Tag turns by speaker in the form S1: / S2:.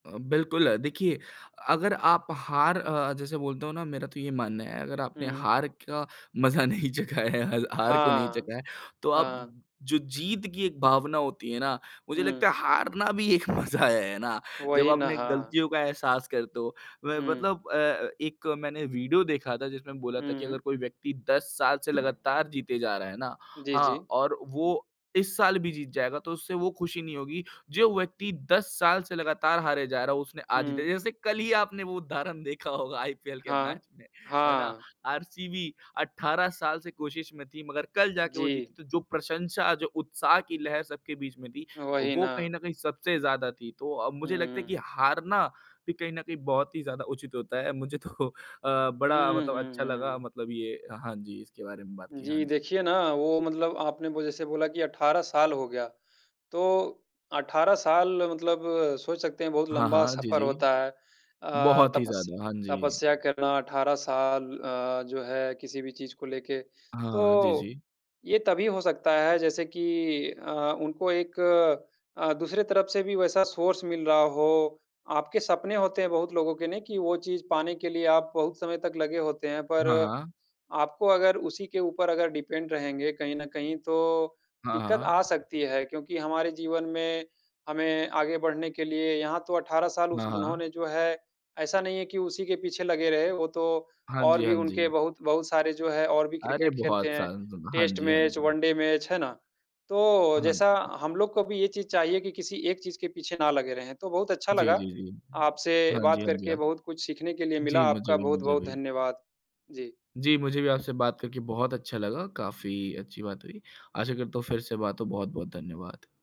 S1: अ, बिल्कुल, देखिए अगर आप हार अ, जैसे बोलते हो ना, मेरा तो ये मानना है, अगर आपने
S2: हुँ।
S1: हार का मजा नहीं चखा है, हल हार को नहीं
S2: हाँ,
S1: चखा है, तो आप
S2: हाँ। हाँ।
S1: जो जीत की एक भावना होती है ना, मुझे लगता
S2: हुँ।
S1: है, हारना भी एक मज़ा है। है ना? जब
S2: वही
S1: आप
S2: ना,
S1: अपने
S2: हाँ।
S1: गलतियों का एहसास करते हो मैं
S2: हुँ।
S1: मतलब अ, एक मैंने वीडियो देखा था, जिसमें बोला था
S2: हुँ,
S1: कि अगर
S2: हुँ।
S1: कोई व्यक्ति 10 साल से लगातार जीते जा रहा है ना,
S2: जी,
S1: हाँ,
S2: जी।
S1: और वो इस साल भी जीत जाएगा, तो उसे वो खुशी नहीं होगी। जो व्यक्ति 10 साल से लगातार हारे जा रहा है, उसने आज जीता
S2: हुँ।
S1: जैसे कल ही आपने वो उदाहरण देखा होगा आईपीएल के
S2: हाँ।
S1: मैच में। है ना?
S2: हाँ।
S1: आरसीबी 18 साल से कोशिश में थी, मगर कल जाके वो
S2: जी।
S1: जीती। तो जो प्रशंसा, जो उत्साह की लहर सबके बीच में थी,
S2: वही
S1: वो कहीं
S2: ना।
S1: न कहीं सबसे ज़्यादा थी। तो अ,
S2: हुँ,
S1: मुझे लगता है कि
S2: हुँ।
S1: हारना भी कहीं न कहीं बहुत ही ज़्यादा उचित होता है। मुझे तो अ, बड़ा
S2: हुँ,
S1: मतलब
S2: हुँ,
S1: अच्छा लगा,
S2: हुँ।
S1: मतलब ये अ, हाँ जी, इसके बारे में बात की, हाँ
S2: जी,
S1: जी।
S2: देखिए ना, वो मतलब आपने वो जैसे से बोला कि 18 साल हो गया। तो 18 साल मतलब सोच सकते हैं, बहुत
S1: हाँ,
S2: लंबा
S1: हाँ, जी,
S2: सफर
S1: जी।
S2: होता है। अ,
S1: बहुत ही
S2: तपस
S1: ज़्यादा, हाँ जी।
S2: तपस्या करना 18 साल अ, जो है, किसी भी चीज़ को लेके।
S1: हाँ, जी,
S2: तो
S1: जी।
S2: ये तभी हो सकता है, जैसे कि अ, उनको एक अ, दूसरे तरफ से भी वैसा सोर्स मिल रहा हो। आपके सपने होते हैं, बहुत लोगों के नहीं, कि वो चीज़ पाने के लिए आप बहुत समय तक लगे होते हैं, पर
S1: हाँ, हाँ।
S2: आपको अगर उसी के ऊपर अगर डिपेंड रहेंगे कहीं न कहीं, तो
S1: हाँ,
S2: दिक्कत आ
S1: हाँ।
S2: सकती है। क्योंकि हमारे जीवन में हमें आगे बढ़ने के लिए यहाँ तो 18 साल उस
S1: हाँ, हाँ।
S2: उन्होंने, जो है, ऐसा नहीं है कि उसी के पीछे लगे रहे। वो तो
S1: हाँ
S2: और
S1: जी,
S2: भी,
S1: हाँ
S2: उनके
S1: जी।
S2: बहुत बहुत सारे, जो है, और भी
S1: अरे!
S2: क्रिकेट खेलते
S1: बहुत
S2: हैं।
S1: सांग ज़ोन हाँ
S2: टेस्ट
S1: जी, हाँ
S2: मैच,
S1: जी, हाँ।
S2: वन डे मैच, है ना? तो
S1: हाँ।
S2: जैसा हम लोग को भी ये चीज़ चाहिए कि किसी एक चीज़ के पीछे ना लगे रहें। तो बहुत अच्छा
S1: जी,
S2: लगा,
S1: जी, जी।
S2: आपसे
S1: हाँ
S2: बात
S1: जी, हाँ जी,
S2: करके
S1: आक
S2: बहुत कुछ सीखने के लिए मिला।
S1: जी, मुझे
S2: आपका
S1: भी मुझे
S2: बहुत-बहुत
S1: भी।
S2: धन्यवाद। जी।
S1: जी, मुझे भी आपसे बात करके बहुत अच्छा लगा, काफ़ी अच्छी बात हुई। आशा करता हूँ, फिर से बात हो। बहुत-बहुत धन्यवाद।